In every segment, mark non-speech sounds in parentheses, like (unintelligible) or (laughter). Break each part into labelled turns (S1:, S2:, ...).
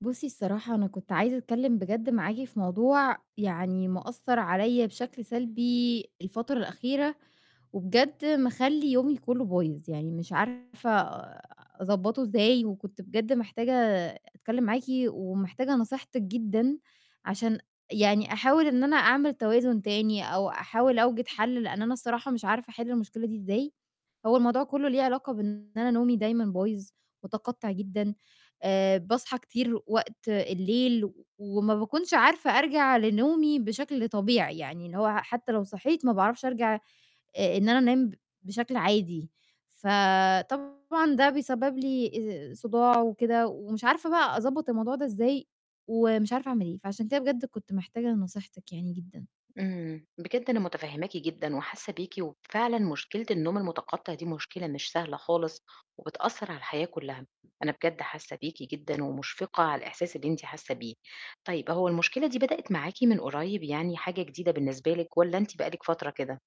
S1: بُصي الصراحة أنا كنت عايزة أتكلِّم بجد معاكِ في موضوع، يعني مأثَر عليّا بشكل سلبي الفترة الأخيرة، وبجد مخلّي يومي كُلّه بايظ، يعني مش عارفة أضبطُه إزاي، وكنت بجد محتاجة أتكلِّم معاكِ، ومحتاجة نصيحتِك جدًا، عشان يعني أحاول إن أنا أعمل توازن تاني، أو أحاول أوجِد حل، لإن أنا الصراحة مش عارفة أحِلّ المشكلة دي إزاي، هو الموضوع كُلّه ليه علاقة بإن أنا نومي دايمًا بايظ، مُتقطع جدًا، آآ باصحى كتير وقت الليل، و وما باكونش عارفة أرجَع لنومي بشكل طبيعي، يعني إن هو حتّى لو صحيت، ما باعرفش أرجَع آآ إن أنا أنام ب بشكل عادي، ف طبعًا ده بيسبب لي آآ صُداع وكده، ومش عارفة بقى أضبّط الموضوع ده إزاي، ومش عارفة أعمل إيه، فعشان كده بجد كنت محتاجة لنصيحتِك يعني جدًا.
S2: امم، بجد أنا مُتفهماكِ جدًا وحاسة بيكِ، وفعلاً مشكلة النوم المُتقطع دي مشكلة مش سهلة خالص، وبتأثر على الحياة كُلّها، أنا بجد حاسة بيكِ جدًاً، ومُشفقة على الإحساس اللي أنتِ حاسة بيه، طيب هو المشكلة دي بدأت معاكِ من قريب؟ يعني حاجة جديدة بالنسبة لِك؟ والّا أنتِ بقالِك فترة كده؟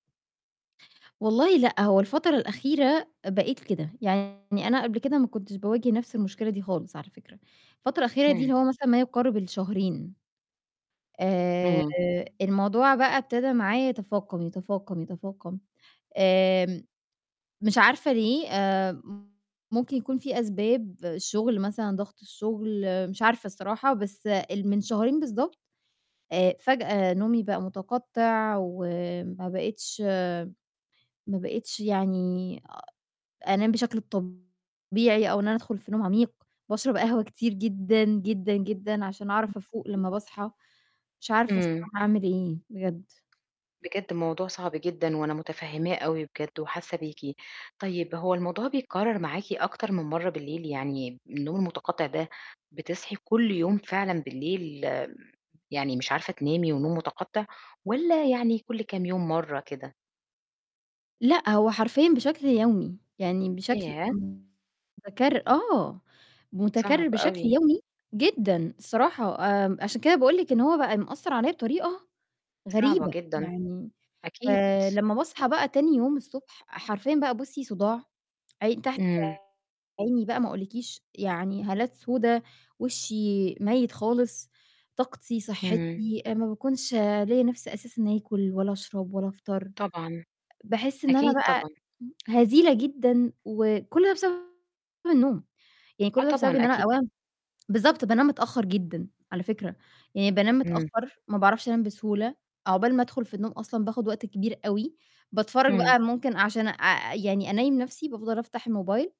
S1: والله لأ، هو الفترة الأخيرة بقيت كده، يعني أنا قبل كده ما كنتش باواجه نفس المشكلة دي خالص على فكرة، الفترة الأخيرة دي
S2: امم.
S1: اللي هو مثلًا ما يقارب الشهرين. آآ
S2: امم.
S1: الموضوع بقى ابتدا معايا يتفاقم، يتفاقم، يتفاقم، آآ مش عارفة ليه، آآ ممكن يكون فيه أسباب الشُّغل مثلًا، ضغط الشُّغل، مش عارفة الصراحة، بس ال من شهرين بالضبط، آآ فجأة نومي بقى مُتقطع وما بقيتش ما بقيتش يعني أنام بشكل طبيعي، أو إن أنا أدخُل في نوم عميق، باشرب قهوة كتير جدًا، جدًا، جدًا عشان أعرف أفوق
S2: (unintelligible)
S1: لمّا باصحى، مش عارفة
S2: امم.
S1: الصراحة أعمِل إيه بجد.
S2: بجد موضوع صعب جدًاً، وأنا مُتفهماه أوي بجد وحاسة بيكِ، طيب هو الموضوع بيتكرر معاكِ أكتر من مَرّة بالليل؟ يعني النوم المُتقطع ده بتصحي كُلّ يوم فعلًاً بالليل يعني مش عارفة تنامي ونوم مُتقطع؟ والّا يعني كُلّ كام يوم مَرّة كده؟
S1: لأ، هو حرفيًا بشكل يومي، يعني بشكل
S2: ياه!
S1: مُتكرر، آه،
S2: صعب
S1: مُتكرر بشكل
S2: أوي.
S1: يومي جدًا الصراحة، آآ عشان كده باقول لِك إن هو بقى مأثر عليّا بطريقة
S2: صعبة
S1: غريبة،
S2: جدًاً،
S1: يعني
S2: أكيد.
S1: فلمّا باصحى بقى تاني يوم الصبح، حرفيًا بقى بُصي صُداع، عين تحت
S2: امم.
S1: عيني بقى ما أقولكيش، يعني هالات سودا، وشي ميِّت خالص، طاقتي،
S2: امم.
S1: صحتي، آآ ما باكونش ليّا نِفس أساسًا آكل ولا أشرب ولا أفطر،
S2: طبعًا،
S1: باحِسّ إن أنا
S2: أكيد
S1: بقى
S2: طبعًا.
S1: هزيلة جدًا، وكُلّ ده بسبب النوم، يعني
S2: آه
S1: كُلّ ده بسبب
S2: طبعًاً
S1: إن أنا
S2: أكيد.
S1: أولًا بالضبط بانام متأخر جدًا، على فكرة، يعني بانام
S2: امم.
S1: متأخر، ما باعرفش أنام بسهولة، عقبال ما أدخُل في النوم أصلًا باخُد وقت كبير أوي، باتفرج
S2: امم.
S1: بقى ممكن عشان أ أ يعني أنيِّم نفسي بافضل أفتح الموبايل